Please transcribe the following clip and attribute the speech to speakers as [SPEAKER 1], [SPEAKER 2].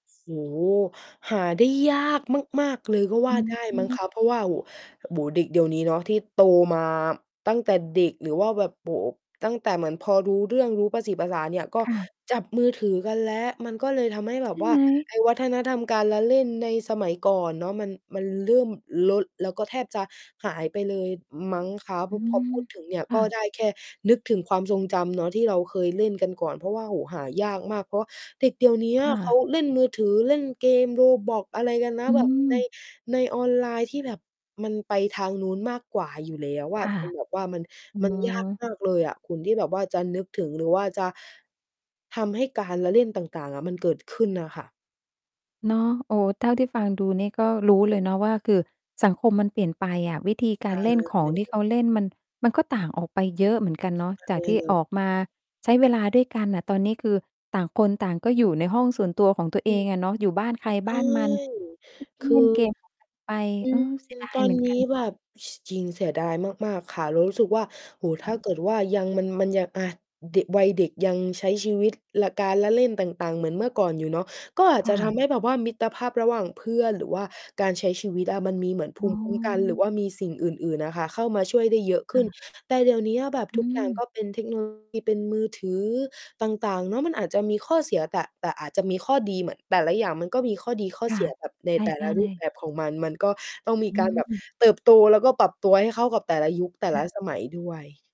[SPEAKER 1] โอ้โฮ หาได้ยากมาก ๆ เลยก็ว
[SPEAKER 2] อ
[SPEAKER 1] ่า
[SPEAKER 2] ื
[SPEAKER 1] ไ
[SPEAKER 2] อ
[SPEAKER 1] ด้
[SPEAKER 2] ฮ
[SPEAKER 1] มั้ง
[SPEAKER 2] ึ
[SPEAKER 1] คะ เพราะว่า โอ้ โบ๋ เด็กเดี๋ยวนี้เนาะ ที่โตมาตั้งแต่เด็ก หรือว่าแบบ โอ้โฮ ตั้งแต่เหมือนพอรู้เรื่อง รู้ประสีประสาเนี่ย ก็
[SPEAKER 2] ค่ะ
[SPEAKER 1] จับมือถือกันแล้ว มันก็เลยทำให้แ
[SPEAKER 2] ใ
[SPEAKER 1] บ
[SPEAKER 2] ช
[SPEAKER 1] บ
[SPEAKER 2] ่
[SPEAKER 1] ว่
[SPEAKER 2] ไ
[SPEAKER 1] า
[SPEAKER 2] หม?
[SPEAKER 1] ไอ้วัฒนธรรมการละเล่นในสมัยก่อนเนาะ มัน มันเริ่มลด แล้วก็แทบจะหายไปเลย อ มั้งคะ พ
[SPEAKER 2] อื
[SPEAKER 1] พอ
[SPEAKER 2] ม
[SPEAKER 1] พูดถึงเนี่ย
[SPEAKER 2] ค
[SPEAKER 1] ก
[SPEAKER 2] ่
[SPEAKER 1] ็
[SPEAKER 2] ะ
[SPEAKER 1] ได้แค่นึกถึงความทรงจำเนาะ ที่เราเคยเล่นกันก่อน เพราะว่า โอ้โฮ หายากมาก เพราะว่าเด็กเดี๋ยวเนี้ย
[SPEAKER 2] ค่
[SPEAKER 1] เข
[SPEAKER 2] ะ
[SPEAKER 1] าเล่นมือถือ เล่นเกม Roblox อะไรกันนะ
[SPEAKER 2] อื
[SPEAKER 1] แบบ ใน
[SPEAKER 2] ม
[SPEAKER 1] ในออนไลน์ที่แบบมันไปทางนู้นมากกว่าอยู่แล้วอ
[SPEAKER 2] ค
[SPEAKER 1] ะ
[SPEAKER 2] ่ะ
[SPEAKER 1] จนแบบว่า มัน
[SPEAKER 2] อื
[SPEAKER 1] มันยาก
[SPEAKER 2] อ
[SPEAKER 1] มากเลยอะคุณ ที่แบบว่าจะนึกถึง หรือว่าจะ ทำให้การละเล่นต่าง ๆ อะมันเกิดขึ้นอะค่ะ
[SPEAKER 2] เนาะ โอ้ เท่าที่ฟังดูนี่ก็รู้เลยเนาะว่า คือสังคมมันเปลี่ยนไปอะ วิธีก
[SPEAKER 1] ใช
[SPEAKER 2] า
[SPEAKER 1] ่
[SPEAKER 2] รเล่นขอ
[SPEAKER 1] เล
[SPEAKER 2] งที่
[SPEAKER 1] ย
[SPEAKER 2] เขาเล่น มัน มันก็ต่างออกไปเยอะเหมือนกันเนาะ
[SPEAKER 1] ใช
[SPEAKER 2] จา
[SPEAKER 1] ่
[SPEAKER 2] กที่
[SPEAKER 1] เลย
[SPEAKER 2] ออกมาใช้เวลาด้วยกันน่ะ ตอนนี้คือต่างคนต่างก็อยู่ในห้องส่วนตัวของตัว
[SPEAKER 1] อ
[SPEAKER 2] เ
[SPEAKER 1] ื
[SPEAKER 2] อ
[SPEAKER 1] อ
[SPEAKER 2] งอะเนาะ อยู่บ้านใคร
[SPEAKER 1] อ
[SPEAKER 2] บ
[SPEAKER 1] ื
[SPEAKER 2] ้านมัน
[SPEAKER 1] ม
[SPEAKER 2] อื
[SPEAKER 1] ค
[SPEAKER 2] ม
[SPEAKER 1] ื
[SPEAKER 2] เล่น
[SPEAKER 1] อ
[SPEAKER 2] เกม ของใคร ไป
[SPEAKER 1] อื
[SPEAKER 2] อื
[SPEAKER 1] ม
[SPEAKER 2] ม เสียดา
[SPEAKER 1] ต
[SPEAKER 2] ย
[SPEAKER 1] อ
[SPEAKER 2] เห
[SPEAKER 1] น
[SPEAKER 2] มือน
[SPEAKER 1] น
[SPEAKER 2] กั
[SPEAKER 1] ี
[SPEAKER 2] น
[SPEAKER 1] ้
[SPEAKER 2] เน
[SPEAKER 1] แ
[SPEAKER 2] า
[SPEAKER 1] บ
[SPEAKER 2] ะ
[SPEAKER 1] บ ช จริงเสียดายมาก ๆ ค่ะ เรารู้สึกว่า โอ้โฮ
[SPEAKER 2] ค
[SPEAKER 1] ถ
[SPEAKER 2] ่
[SPEAKER 1] ้
[SPEAKER 2] ะ
[SPEAKER 1] าเกิดว่ายัง มัน มันยัง อา เดะ วัยเด็กยังใช้ชีวิต ล การละเล่นต่าง ๆ เหมือนเมื่อก่อนอยู่เนาะ ก็อา
[SPEAKER 2] ค
[SPEAKER 1] จจ
[SPEAKER 2] ่
[SPEAKER 1] ะท
[SPEAKER 2] ะ
[SPEAKER 1] ำให้แบบว่ามิตรภาพระหว่างเพื่อน หรือว่าการใช้ชีวิตอะมันมีเหมือนภ
[SPEAKER 2] อ๋
[SPEAKER 1] ู
[SPEAKER 2] อ
[SPEAKER 1] มิคุ้มกัน หรือว่ามีสิ่งอื่น ๆ อะค่ะ เข้ามาช่วยได้เยอะข
[SPEAKER 2] ค
[SPEAKER 1] ึ
[SPEAKER 2] ่
[SPEAKER 1] ้น
[SPEAKER 2] ะ
[SPEAKER 1] แต่เดี๋ยวเนี้ย แบบ
[SPEAKER 2] อ
[SPEAKER 1] ทุ
[SPEAKER 2] ื
[SPEAKER 1] กอย่างก
[SPEAKER 2] ม
[SPEAKER 1] ็เป็นเทคโน โลยี เป็นมือถือต่าง ๆ เนาะ มันอาจจะมีข้อเสีย แตะ แต่อาจจะมีข้อดี เหมือน แต่ละอย่างมันก็มีข้อดีข้อ
[SPEAKER 2] ค
[SPEAKER 1] เ
[SPEAKER 2] ่
[SPEAKER 1] ส
[SPEAKER 2] ะ
[SPEAKER 1] ีย แบบใน
[SPEAKER 2] ใ
[SPEAKER 1] แต่
[SPEAKER 2] ช
[SPEAKER 1] ล
[SPEAKER 2] ่
[SPEAKER 1] ะรูปแ
[SPEAKER 2] ๆ
[SPEAKER 1] บบของมัน มันก็ต้องมี
[SPEAKER 2] อ
[SPEAKER 1] การแบบ
[SPEAKER 2] ืม
[SPEAKER 1] เติบโต แล้วก็ปรับตัวให้เข้ากับแต่ละยุคแต่
[SPEAKER 2] ค
[SPEAKER 1] ล
[SPEAKER 2] ่
[SPEAKER 1] ะ
[SPEAKER 2] ะ
[SPEAKER 1] สมัยด้วย